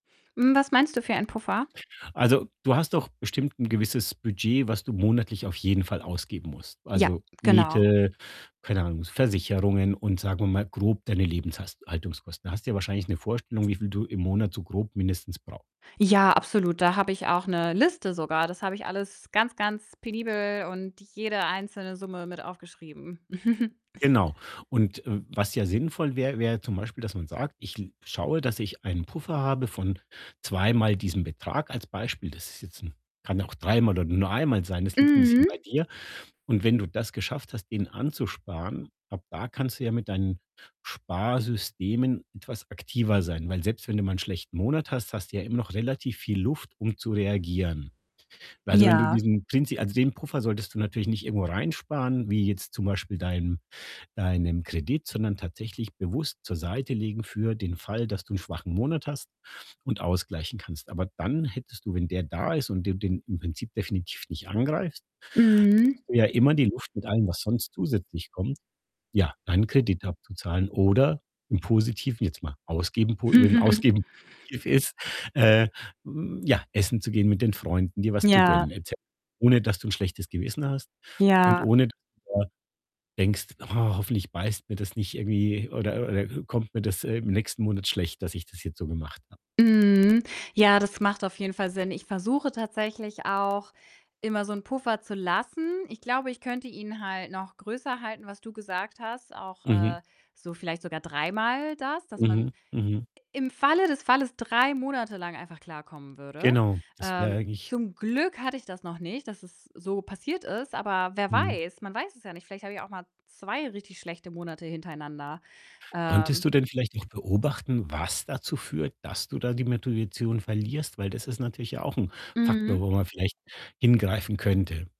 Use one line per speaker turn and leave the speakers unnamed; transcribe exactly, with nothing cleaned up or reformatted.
Hm, was meinst du für ein Puffer?
Also, du hast doch bestimmt 'n gewisses Budget, was du monatlich auf jeden Fall ausgeben musst.
Ja,
Also,
genau.
Miete, keine Ahnung, S Versicherungen und sagen wir mal grob deine Lebenshast Haltungskosten. Hast ja wahrscheinlich 'ne Vorstellung, wie viel du im Monat so grob mindestens brau
Ja, absolut, da habe ich auch 'ne Liste sogar. Das habe ich alles ganz, ganz penibel und jede einzelne Summe mit aufgeschrieben.
Genau, und, äh, was ja sinnvoll wär, wär zum Beispiel, dass man sagt: „Ich l ich schaue, dass ich einen Puffer habe von zweimal diesem Betrag“, als Beispiel. Das ist jetzt 'n kann auch dreimal oder nur einmal sein, das liegt 'n bisschen bei
Mhm.
dir. Und wenn du das geschafft hast, den anzusparen, ab da kannst du ja mit deinen Sparsystemen etwas aktiver sein, weil selbst wenn du mal 'n schlechten Monat hast, hast ja immer noch relativ viel Luft, um zu reagieren. Also, wenn du
Ja.
diesen Prinzi also, den Puffer solltest du natürlich nicht irgendwo reinsparen, wie jetzt zum Beispiel deinem deinem Kredit, sondern tatsächlich bewusst zur Seite legen für den Fall, dass du 'n schwachen Monat hast und ausgleichen kannst. Aber dann hättest du, wenn der da ist und du den im Prinzip definitiv nicht angreift,
Mhm.
hättest du ja immer die Luft mit allem, was sonst zusätzlich kommt, ja, deinen Kredit abzuzahlen oder im Positiven jetzt mal ausgeben po wenn Ausgeben positiv ist, äh, hm, ja, essen zu gehen, mit den Freunden, dir was zu gönnen
Ja.
et cet ohne dass du 'n schlechtes Gewissen hast und
Ja.
ohne [unintelligible] denkst: „Oh, hoffentlich beißt mir das nicht irgendwie oder oder kommt mir das im nächsten Monat schlecht, dass ich das jetzt so gemacht habe.”
Mhm. Ja, das macht auf jeden Fall Sinn. Ich versuche tatsächlich auch, immer so 'n Puffer zu lassen. Ich glaube, ich könnte ihn halt noch größer halten, was du gesagt hast, auch,
Mhm.
äh, so vielleicht sogar dreimal das, dass
Mhm,
man
mhm.
im Falle des Falles drei Monate lang einfach klarkommen würde.
Genau, das wäre
Ähm,
eigentlich
zum Glück hatte ich das noch nicht, dass es so passiert ist, aber wer
Mhm.
weiß, man weiß es ja nicht. Vielleicht habe ich auch mal zwei richtig schlechte Monate hintereinander.
Konntest
Ähm
du denn vielleicht noch beobachten, was dazu führt, dass du da die Metoition verlierst? Weil, das ist natürlich ja auch 'n Faktor,
Mhm.
wo man vielleicht hingreifen könnte.